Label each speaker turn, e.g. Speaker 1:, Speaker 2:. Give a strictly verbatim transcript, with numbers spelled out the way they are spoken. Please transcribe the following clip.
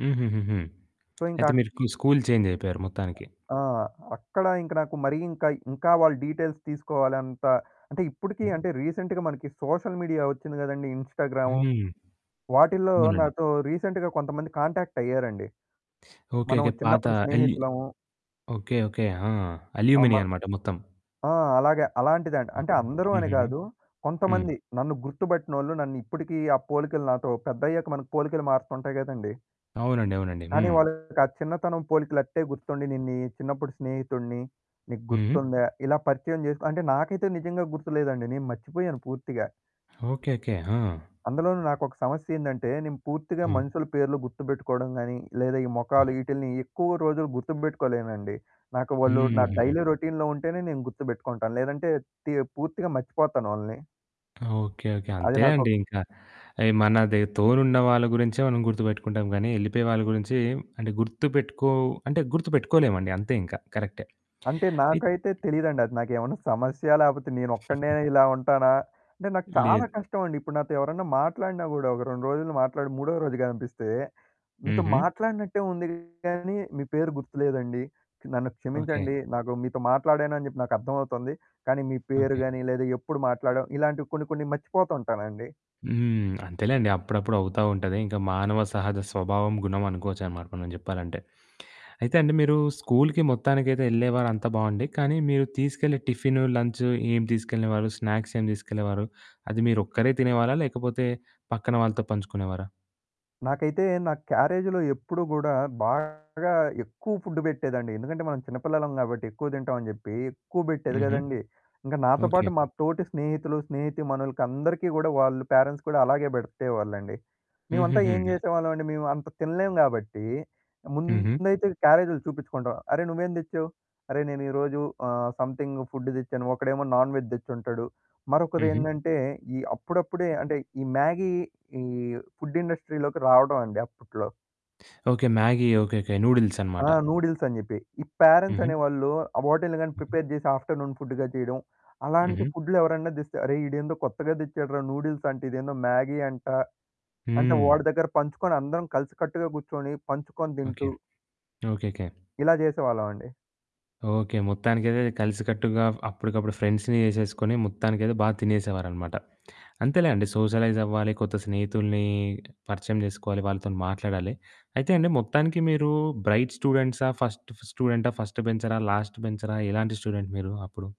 Speaker 1: హుహుహుహు.
Speaker 2: సో,
Speaker 1: అయితే
Speaker 2: ఇంకాక్
Speaker 1: మీరు స్కూల్ చేంజయిపోయారు మొత్తానికి.
Speaker 2: ఆ! అక్కడ ఇంక నాకు మరీ ఇంకయి ఇంకా వాళ్ళు డీటెయిల్స్ తీసుకోవాలంట. అంటే, ఇప్పుడికి
Speaker 1: హ్మ్.
Speaker 2: అంటే, రీసెంట్‌గా మనకి సోషల్ మీడియా ఒచ్చింది గదండీ! ఇన్‌స్టాగ్రాము.
Speaker 1: హ్మ్.
Speaker 2: వాటిల్లో
Speaker 1: అవునండి.
Speaker 2: నాతో రీసెంట్‌గా కొంతమంది కాంటాక్ట్ అయ్యారండి.
Speaker 1: ఓకే.
Speaker 2: మనం
Speaker 1: ఓకే. పాత
Speaker 2: చిన్నప్పుడు
Speaker 1: అల్యూ
Speaker 2: స్నేహితులము
Speaker 1: ఓకే. ఓకే. ఆ!
Speaker 2: ఆ!
Speaker 1: అల్యూమినియ
Speaker 2: మన
Speaker 1: అనమాట మొత్తం.
Speaker 2: ఆ! అలాగ, అలాంటిదండి. అంటే
Speaker 1: హుహు.
Speaker 2: అందరూ అని
Speaker 1: హుహుహు.
Speaker 2: గాదు,
Speaker 1: హ్మ్.
Speaker 2: కొంతమంది నన్ను గుర్తుబట్టినోళ్ళు, నన్నిప్పడికీ ఆ పోలికలు నాతో, పెద్దయ్యాక మనకు పోలికలు మారుతుంటాయి గదండీ!
Speaker 1: అవునండి. అవునండి.
Speaker 2: కానీ,
Speaker 1: హ్మ్.
Speaker 2: వాళ్ళకి ఆ చిన్నతనం పోలికలట్టే గుర్తుండి, నేన్నీ చిన్నప్పుడు స్నేహితుడిని, నీకు
Speaker 1: హుహు.
Speaker 2: గుర్తుందా? ఇలా పరిచయం జేసుకొని, అంటే నాకైతే నిజంగా గుర్తులేదండి. నేను మర్చిపోయాను పూర్తిగా.
Speaker 1: ఓకే. ఓకే. ఆ!
Speaker 2: అందులోనూ నాకొక సమస్యేందంటే, నేను పూర్తిగా
Speaker 1: హ్మ్.
Speaker 2: మనుషుల పేర్లు గుర్తుబెట్టుకోవడం గాని, లేదా ఈ మొఖాలు,
Speaker 1: హ్మ్.
Speaker 2: ఈటిల్ని ఎక్కువ రోజులు గుర్తుబెట్టుకోలేనండి. నాకు వాళ్ళు నా
Speaker 1: హ్మ్. హ్మ్. హ్మ్.
Speaker 2: డైలీ రొటీన్‌లో ఉంటేనే, నేను గుర్తుబెట్టుకుంటాను. లేదంటే టియ పూర్తిగా మర్చిపోతాను వాళ్ళని.
Speaker 1: ఓకే. ఓకే.
Speaker 2: అది నాకు
Speaker 1: అంతేలేండి ఇంకా. అయి మనది తోడున్న వాళ్ళ గురించే మనం గుర్తుబెట్టుకుంటాం గానీ, ఎళ్ళిపోయే వాళ్ళ గురించి అంటే, గుర్తుబెట్టుకో అంటే గుర్తుబెట్టుకోలేమండి. అంతే ఇంకా. కరెక్టే.
Speaker 2: అంటే,
Speaker 1: అయి
Speaker 2: నాకైతే తెలీదండి. అది నాకేమన్నా సమస్య? లేపోతే, నేనొక్కడినే ఇలా ఉంటానా? అంటే, నాకు చాలా
Speaker 1: లేదు.
Speaker 2: కష్టమండి. ఇప్పుడు నాతో ఎవరన్నా మాట్లాడినా గూడా ఒక రెండు రోజులు మాట్లాడి, మూడో రోజు గనిపిస్తే, మీతో
Speaker 1: హుహు.
Speaker 2: మాట్లాడినట్టే ఉంది గానీ, మీ పేరు గుర్తులేదండి. నన్ను
Speaker 1: ఓకే.
Speaker 2: క్షమించండి. నాకు మీతో మాట్లాడానని జెప్పి నాకర్థం అవుతుంది. కానీ మీ పేరు
Speaker 1: ఓకే.
Speaker 2: గాని, లేదా ఎప్పుడు మాట్లాడావు? ఇలాంటివి కొన్ని, కొన్ని మర్చిపోతుంటానండి.
Speaker 1: హ్మ్. అంతేలేండి. అప్పుడప్పుడు అవుతా ఉంటది. ఇంక మానవ సహజ స్వభావం, గుణం, అనుకోవచ్చనమాట మనం జెప్పాలంటే. అయితే అండి మీరు స్కూల్‌కి మొత్తానికైతే ఎళ్ళేవారు అంతా బావుండి. కానీ మీరు తీసుకెళ్ళే టిఫిను, లంచ్, ఏం తీసుకెళ్ళేవారు? స్నాక్స్ ఏం తీసుకెళ్ళేవారు? అది మీరొక్కరే తినేవారా? లేకపోతే పక్కన వాళ్ళతో పంచుకునేవారా?
Speaker 2: నాకైతే నా క్యారేజ్‌లో ఎప్పుడూ గూడా బాగా ఎక్కువ ఫుడ్డు బెట్టేదండి. ఎందుకంటే, మనం చిన్నపిల్లలం గాబట్టి, ఎక్కువ దింటాం అని జెప్పి, ఎక్కువ బెట్టేది
Speaker 1: హుహు.
Speaker 2: గదండీ! ఇంక నాతో పాటు
Speaker 1: ఓకే.
Speaker 2: మా తోటి స్నేహితులు, స్నేహితీమనులకి అందరికి గూడా వాళ్ళు పేరెంట్స్ కూడా అలాగే బెడితేవాళ్ళండి.
Speaker 1: హ్మ్.
Speaker 2: మేమంతా
Speaker 1: హ్మ్.
Speaker 2: ఏం
Speaker 1: హ్మ్.
Speaker 2: జేసేవాళ్ళమండి, మేము అంత తినలేము గాబట్టి,
Speaker 1: హుహు.
Speaker 2: ముందైతే క్యారేజ్‌లు చూపిచ్చుకుంటాం. అరె, నువ్వేం దెచ్చావు? "అరె నేను ఈ రోజు ఆహ్, సమ్‌థింగ్ ఫుడ్డు దెచ్చాను" ఒకడేమో నాన్‌వెజ్ దెచ్చుంటాడు.
Speaker 1: హుహు.
Speaker 2: మరొకరేందంటే, ఈ అప్పుడప్పుడే అంటే ఈ మ్యాగీ ఈ ఫుడ్ ఇండస్ట్రీ‌లోకి రావడమండి అప్పుట్లో.
Speaker 1: Okay, Maggi. Okay. Okay. Noodles అనమాట.
Speaker 2: ఆ! నూడిల్స్ అని జెప్పి. ఈ పేరెంట్స్
Speaker 1: హుహు.
Speaker 2: అనేవాళ్ళు, ఆహ్, వాటిల్ని గాని
Speaker 1: హుహు.
Speaker 2: ప్రిపేర్ జేసి ఆఫ్టర్‌నూన్ ఫుడ్డుగా చేయడం. అలాంటి
Speaker 1: హుహు.
Speaker 2: ఫుడ్లు ఎవరన్నా దెస్తే, అరె ఈడేందో కొత్తగా దెచ్చాడురా నూడిల్స్ అంట. ఇదేందో మ్యాగీ అంట. అంటే
Speaker 1: హ్మ్.
Speaker 2: వాడి దగ్గర పంచుకొని అందరం కలిసికట్టుగా గూర్చొని పంచుకొని
Speaker 1: ఓకే.
Speaker 2: దింటూ
Speaker 1: ఓకే.
Speaker 2: ఇలా జేసేవాళ్ళమండి.
Speaker 1: ఓకే. మొత్తానికైతే కలిసికట్టుగా అప్పడికప్పుడు ఫ్రెండ్స్‌ని జేసేసుకొని మొత్తానికైతే బా తినేసేవారనమాట. అంతేలేండి సోషలైజ్ అవ్వాలి. కొత్త స్నేహితుల్ని పరిచయం జేసుకోవాలి, వాళ్ళతోని మాట్లాడాలి. అయితే అండి మొత్తానికి మీరు బ్రైట్ స్టూడెంట్సా? ఫస్ట్ స్టూఫూ స్టూడెంటా? ఫస్ట్ బెంచరా? లాస్ట్ బెంచరా? ఎలాంటి స్టూడెంట్ మీరు అప్పుడు?